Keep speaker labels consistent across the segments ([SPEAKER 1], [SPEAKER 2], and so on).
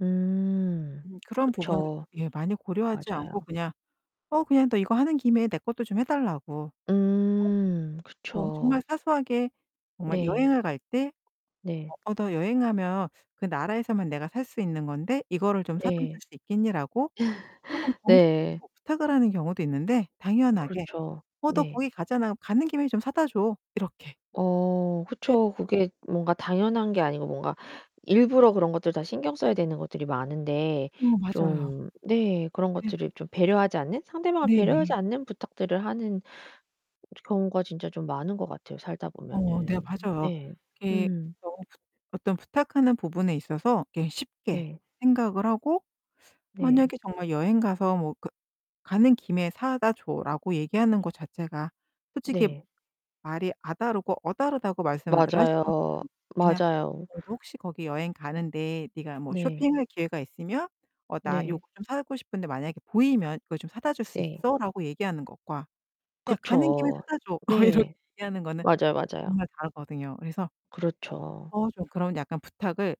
[SPEAKER 1] 음.
[SPEAKER 2] 음, 그런 부분
[SPEAKER 1] 그쵸.
[SPEAKER 2] 예, 많이 고려하지
[SPEAKER 1] 맞아요.
[SPEAKER 2] 않고 그냥 "어, 그냥 너 이거 하는 김에 내 것도 좀 해 달라고."
[SPEAKER 1] 음.
[SPEAKER 2] [unintelligible] 어 정말
[SPEAKER 1] 그쵸.
[SPEAKER 2] 사소하게 정말
[SPEAKER 1] 네.
[SPEAKER 2] 여행을 갈 때
[SPEAKER 1] 네.
[SPEAKER 2] "어, 너 여행 가면 그 나라에서만 내가 살 수 있는 건데 이거를 좀 사다 줄
[SPEAKER 1] 네.
[SPEAKER 2] 수 있겠니?"라고 쪼끔 정중하게
[SPEAKER 1] 네.
[SPEAKER 2] 뭐 부탁을 하는 경우도 있는데 당연하게
[SPEAKER 1] 그렇죠.
[SPEAKER 2] "어, 너
[SPEAKER 1] 네.
[SPEAKER 2] 거기 가잖아. 가는 김에 좀 사다 줘." 이렇게.
[SPEAKER 1] 어
[SPEAKER 2] 네.
[SPEAKER 1] 그쵸. 그게 뭔가 당연한 게 아니고 뭔가 일부러 그런 것들 다 신경 써야 되는 것들이 많은데
[SPEAKER 2] 어, 맞아요.
[SPEAKER 1] 좀 네, 그런
[SPEAKER 2] 네.
[SPEAKER 1] 것들을 좀 배려하지 않는 상대방을 배려하지
[SPEAKER 2] 네네.
[SPEAKER 1] 않는 부탁들을 하는 그 즈 경우가 진짜 좀 많은 것 같아요, 살다
[SPEAKER 2] 어 네,
[SPEAKER 1] 보면은.
[SPEAKER 2] 맞아요.
[SPEAKER 1] 네.
[SPEAKER 2] 이게
[SPEAKER 1] 음.
[SPEAKER 2] [unintelligible] 어떤 부탁하는 부분에 있어서 이렇게 쉽게
[SPEAKER 1] 네.
[SPEAKER 2] 생각을 하고
[SPEAKER 1] 네.
[SPEAKER 2] 만약에 정말 여행 가서 뭐 그 "가는 김에 사다 줘."라고 얘기하는 거 자체가 솔직히
[SPEAKER 1] 네.
[SPEAKER 2] 말이 '아' 다르고 '어' 다르다고 말씀들
[SPEAKER 1] 맞아요.
[SPEAKER 2] 하시잖아요. 그냥
[SPEAKER 1] 맞아요.
[SPEAKER 2] "너도 혹시 거기 여행 가는데 네가 뭐
[SPEAKER 1] 네.
[SPEAKER 2] 쇼핑할 기회가 있으면 어, 나
[SPEAKER 1] 네.
[SPEAKER 2] 요거 좀 사고 싶은데 만약에 보이면 이거 좀 사다 줄 수
[SPEAKER 1] 네.
[SPEAKER 2] 있어?"라고 얘기하는 것과 그냥 "가는 김에
[SPEAKER 1] 그쵸.
[SPEAKER 2] 사다 줘." 어 이렇게
[SPEAKER 1] 네.
[SPEAKER 2] 얘기하는 거는
[SPEAKER 1] 맞아요. 맞아요.
[SPEAKER 2] 정말 다르거든요. 그래서
[SPEAKER 1] 그렇죠.
[SPEAKER 2] 어, 좀 그런 약간 부탁을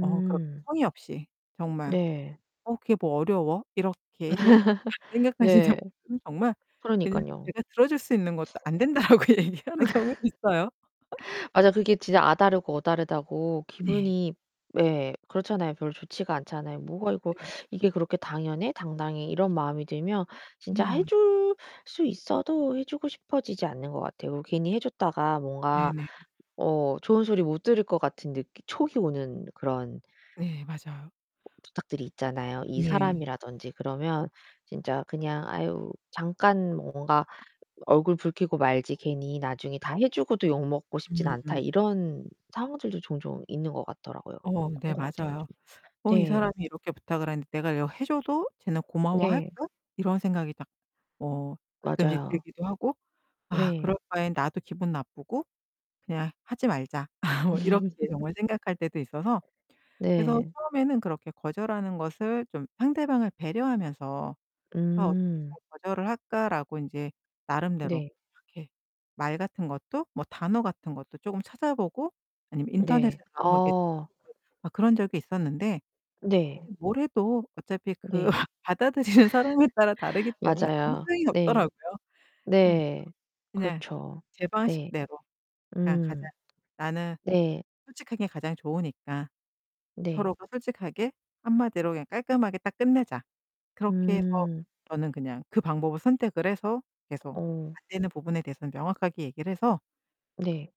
[SPEAKER 2] 어, 그렇게 성의 없이 정말
[SPEAKER 1] 네.
[SPEAKER 2] "어 그게 뭐 어려워?" 이렇게 좀 생각하시는
[SPEAKER 1] 네.
[SPEAKER 2] 분들은 정말 그냥
[SPEAKER 1] 그러니깐요.
[SPEAKER 2] 제가 들어줄 수 있는 것도 "안 된다."라고 얘기하는 경우도 있어요.
[SPEAKER 1] 맞아. 그게 진짜 '아' 다르고 '어' 다르다고
[SPEAKER 2] 네.
[SPEAKER 1] 기분이 예, 그렇잖아요. 별로 좋지가 않잖아요. '뭐가 이거
[SPEAKER 2] 네.
[SPEAKER 1] 이게 그렇게 당연해? 당당해?' 이런 마음이 들면 진짜
[SPEAKER 2] 네.
[SPEAKER 1] 해
[SPEAKER 2] 맞아요.
[SPEAKER 1] 줄 수 있어도 해 주고 싶어지지 않는 것 같아요. 이거 괜히 해 줬다가 뭔가
[SPEAKER 2] 네네.
[SPEAKER 1] 어, 좋은 소리 못 들을 것 같은 느낌 촉이 오는 그런
[SPEAKER 2] 네, 맞아요.
[SPEAKER 1] 부탁들이 있잖아요. 이
[SPEAKER 2] 네.
[SPEAKER 1] 사람이라든지 그러면 진짜 그냥 '아유 잠깐 뭔가 어 얼굴 붉히고 말지 괜히 나중에 다 해 주고도 욕먹고 싶진 않다.'
[SPEAKER 2] 음음.
[SPEAKER 1] 이런 상황들도 종종 있는 것 같더라고요.
[SPEAKER 2] 어 네,
[SPEAKER 1] 그런 것 같아요,
[SPEAKER 2] 맞아요.
[SPEAKER 1] 정말.
[SPEAKER 2] '어 이
[SPEAKER 1] 네.
[SPEAKER 2] 사람이 이렇게 부탁을 하는데 내가 이거 해 줘도 쟤는
[SPEAKER 1] 네.
[SPEAKER 2] 고마워할까?' 이런 생각이 딱 뭐 가끔씩
[SPEAKER 1] 맞아요.
[SPEAKER 2] 들기도 하고. '아, 그럴
[SPEAKER 1] 네.
[SPEAKER 2] 바엔 나도 기분 나쁘고 그냥 하지 말자.' 뭐 이렇게 정말 생각할 때도 있어서. 그래서
[SPEAKER 1] 네.
[SPEAKER 2] 처음에는 그렇게 거절하는 것을 좀 상대방을 배려하면서 '아, 어떻게
[SPEAKER 1] 음.
[SPEAKER 2] 잘 거절을 할까?'라고 인제 나름대로
[SPEAKER 1] 네.
[SPEAKER 2] 이렇게 말 같은 것도 뭐 단어 같은 것도 쪼금 찾아보고 아니면
[SPEAKER 1] 네.
[SPEAKER 2] 인터넷에서 한번 이렇게
[SPEAKER 1] 어.
[SPEAKER 2] 찾아보고 어, 그런 적이 있었는데
[SPEAKER 1] 네.
[SPEAKER 2] 이 뭘 해도 어차피 그
[SPEAKER 1] 네.
[SPEAKER 2] 받아들이는 사람에 따라 다르기 때문에 아무
[SPEAKER 1] 맞아요,
[SPEAKER 2] 소용이 없더라고요. 예.
[SPEAKER 1] 네.네.
[SPEAKER 2] 그냥
[SPEAKER 1] 그렇죠.
[SPEAKER 2] 제
[SPEAKER 1] 네.
[SPEAKER 2] 방식대로 그러니까
[SPEAKER 1] 음.
[SPEAKER 2] 가장 나는
[SPEAKER 1] 네.
[SPEAKER 2] 솔직한 게 가장 좋으니까
[SPEAKER 1] 네.
[SPEAKER 2] 서로가 솔직하게 한마디로 그냥 깔끔하게 딱 끝내자. 그렇게 해서
[SPEAKER 1] 음.
[SPEAKER 2] 저는 그냥 그 방법을 선택을 해서 계속
[SPEAKER 1] 어.
[SPEAKER 2] 안 되는 부분에 대해서는 명확하게 얘기를 해서
[SPEAKER 1] 네.